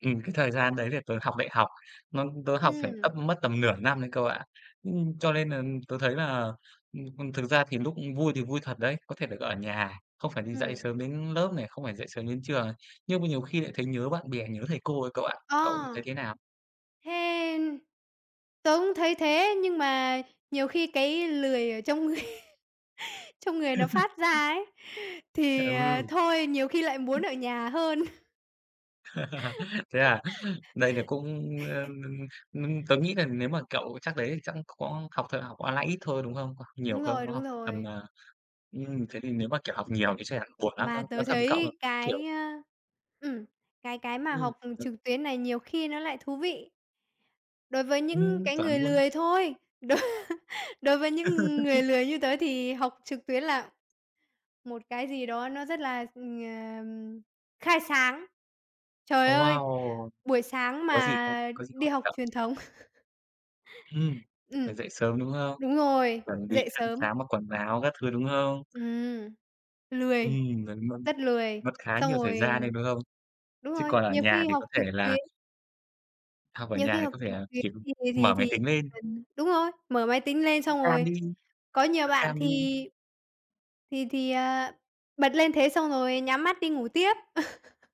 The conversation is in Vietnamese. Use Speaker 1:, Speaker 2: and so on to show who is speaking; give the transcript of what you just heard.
Speaker 1: Ừm, cái thời gian đấy thì tớ học đại học. Mâm tớ học phải
Speaker 2: Ừm.
Speaker 1: tâm mất tầm nửa năm đấy cậu ạ, ưm, cho nên là tớ thấy là, ừm, ừm, thực ra thì lúc vui thì vui thật đấy, có thể được ở nhà, không phải đi dậy
Speaker 2: Ừm.
Speaker 1: sớm đến lớp nè, không phải dậy sớm đến trường, à, nhưng mà nhiều khi lại thấy nhớ bạn bè, nhớ thầy cô ấy cậu ạ.
Speaker 2: À!
Speaker 1: Cậu thấy thế nào?
Speaker 2: Thế tớ cũng thấy thế, nhưng mà nhiều khi cái lười ở trong người trong người nó phát
Speaker 1: Ưm.
Speaker 2: ra ấy, thì, ờ, thôi, nhiều khi lại muốn ở
Speaker 1: [unintelligible]
Speaker 2: nhà hơn.
Speaker 1: Thế à? Đây là cũng em nưng ninh tớ nghĩ là nếu mà cậu chắc đấy thì chắc có học thật học online ít thôi, đúng không? Có học nhiều
Speaker 2: Đúng rồi,
Speaker 1: không? Có
Speaker 2: đúng
Speaker 1: học tầm
Speaker 2: rồi.
Speaker 1: à ừm, thế thì nếu mà, kiểu, học nhiều thì chắc chắn buồn lắm, tớ
Speaker 2: Mà
Speaker 1: nói
Speaker 2: tớ
Speaker 1: thật với cậu, ờ,
Speaker 2: thấy
Speaker 1: kiểu
Speaker 2: cái, ơ ừm, cái cái mà
Speaker 1: Ừm
Speaker 2: học, ừm,
Speaker 1: [unintelligible]
Speaker 2: trực tuyến này nhiều khi nó lại thú vị. Đối với những
Speaker 1: Ừm,
Speaker 2: cái
Speaker 1: chuẩn
Speaker 2: người
Speaker 1: luôn.
Speaker 2: lười thôi, đối đối với những người lười như tớ thì học trực tuyến là một cái gì đó nó rất là, ừm, ờm, khai sáng. Trời
Speaker 1: Ồ,
Speaker 2: ơi!
Speaker 1: wow!
Speaker 2: Buổi sáng
Speaker 1: Có gì không?
Speaker 2: mà
Speaker 1: Có gì
Speaker 2: đi
Speaker 1: hot hả
Speaker 2: học
Speaker 1: cậu?
Speaker 2: truyền thống
Speaker 1: Ừm, phải
Speaker 2: Ừm.
Speaker 1: dậy sớm, đúng không?
Speaker 2: Đúng rồi,
Speaker 1: Chuẩn bị
Speaker 2: dậy
Speaker 1: ăn
Speaker 2: sớm.
Speaker 1: sáng mặc quần áo các thứ, đúng không?
Speaker 2: Ừm, lười,
Speaker 1: Ừm, vận mân
Speaker 2: rất lười,
Speaker 1: mất khá
Speaker 2: xong
Speaker 1: nhiều thời gian
Speaker 2: rồi
Speaker 1: đấy, đúng không?
Speaker 2: đúng
Speaker 1: Chứ
Speaker 2: rồi,
Speaker 1: còn ở
Speaker 2: nhiều
Speaker 1: nhà
Speaker 2: khi
Speaker 1: thì
Speaker 2: học
Speaker 1: có thể
Speaker 2: trực
Speaker 1: là
Speaker 2: tuyến
Speaker 1: Học ở
Speaker 2: nhiều
Speaker 1: nhà
Speaker 2: khi
Speaker 1: thì
Speaker 2: học
Speaker 1: có thề
Speaker 2: trực
Speaker 1: là,
Speaker 2: tuyến
Speaker 1: kiểu,
Speaker 2: thì rồi
Speaker 1: mở
Speaker 2: thì
Speaker 1: máy
Speaker 2: thì
Speaker 1: tính
Speaker 2: chỉ
Speaker 1: lên.
Speaker 2: cần đúng rồi, mở máy tính lên xong
Speaker 1: [unintelligible] Cam
Speaker 2: rồi
Speaker 1: đi,
Speaker 2: có nhiều
Speaker 1: bật
Speaker 2: bạn,
Speaker 1: cam
Speaker 2: thì
Speaker 1: đi.
Speaker 2: thì thì, ờ, bật lên thế xong rồi nhắm mắt đi ngủ tiếp.